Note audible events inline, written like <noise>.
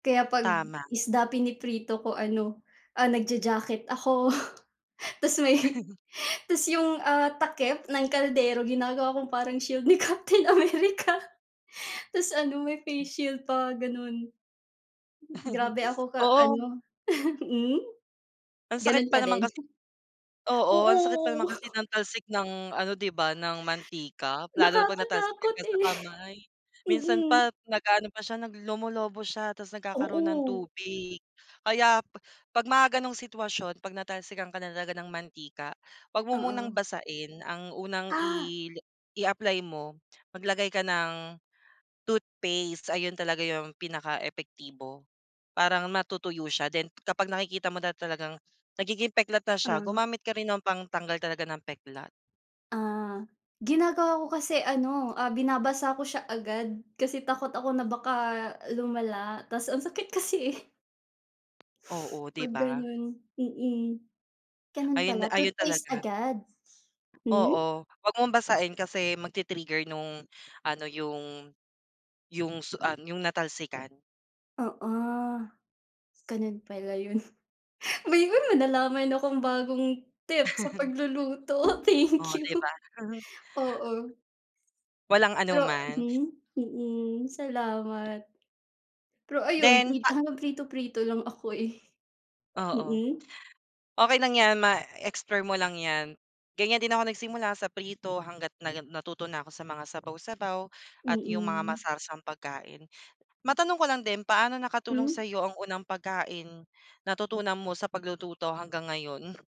Kaya 'pag Tama. isda piniprito ko ano, ah, nagja-jacket ako <chuckles> ta's may <laughs> <laughs> ta's 'yong, ah, takip ng kaldero ginagawa kong parang shield ni Captain America. Tapos ano, may face shield pa, gano'n. Grabe <laughs> ako ka Oo. ano, <laughs> mm? Ang sakit Ganun pa ka naman din? kasi. Oo, Oo, ang sakit pa naman oo. kasi ng <laughs> talsik ng ano, di ba, ng mantika lalo na 'pag natalsikan Nakakatakot, ka sa eh. kamay. Minsan Mm. pa nag-aano pa siya, nag lumulubo siya ta's nagkakaroon ng Oo. tubig. Kaya 'pag mga gano'ng sitwasyon, 'pag natalsikan ka na talaga ng mantika, wag mo Oo. munang basain. Ang unang Ah. i i-apply mo, maglagay ka ng toothpaste. Ayun talaga yung pinakaepektibo. Parang matutuyo siya then kapag nakikita mo na talagang nagiging peklat na siya, Mm. gumamit ka rin ng pangtanggal talaga ng peklat. Ah. Ginagawa ko kasi ano, ah, binabasa ko siya agad kasi takot ako na baka lumala tas ang sakit kasi, eh. Oo, di 'Pag ba? gano'n, mm. Ganun Ayun pala, ayun toothpaste talaga. agad. Hmm? Oo, wag mong basain kasi magti-trigger nung ano, yung yung su ah, yung natalsikan. Oo. Gano'n pala yun. <laughs> May nalaman akong bagong tip sa <laughs> pagluluto, thank Oh, you. di ba? <chuckles> Oo. Walang Pero anuman. mhm? Mm, salamat. Pero ayun, mm, Then prito pa hanggang prito-prito lang ako, eh. Oo. Mm? Okey lang 'yan ma explore mo lang 'yan. Ganyan din ako nagsimula, sa prito hangga't na natuto na ako sa mga sabaw-sabaw at 'yong mga Mm. masarsang pagkain. Matanong ko lang din, paano nakatulong Hmm? sa'yo ang unang pagkain natutunan mo sa paglututo hanggang ngayon?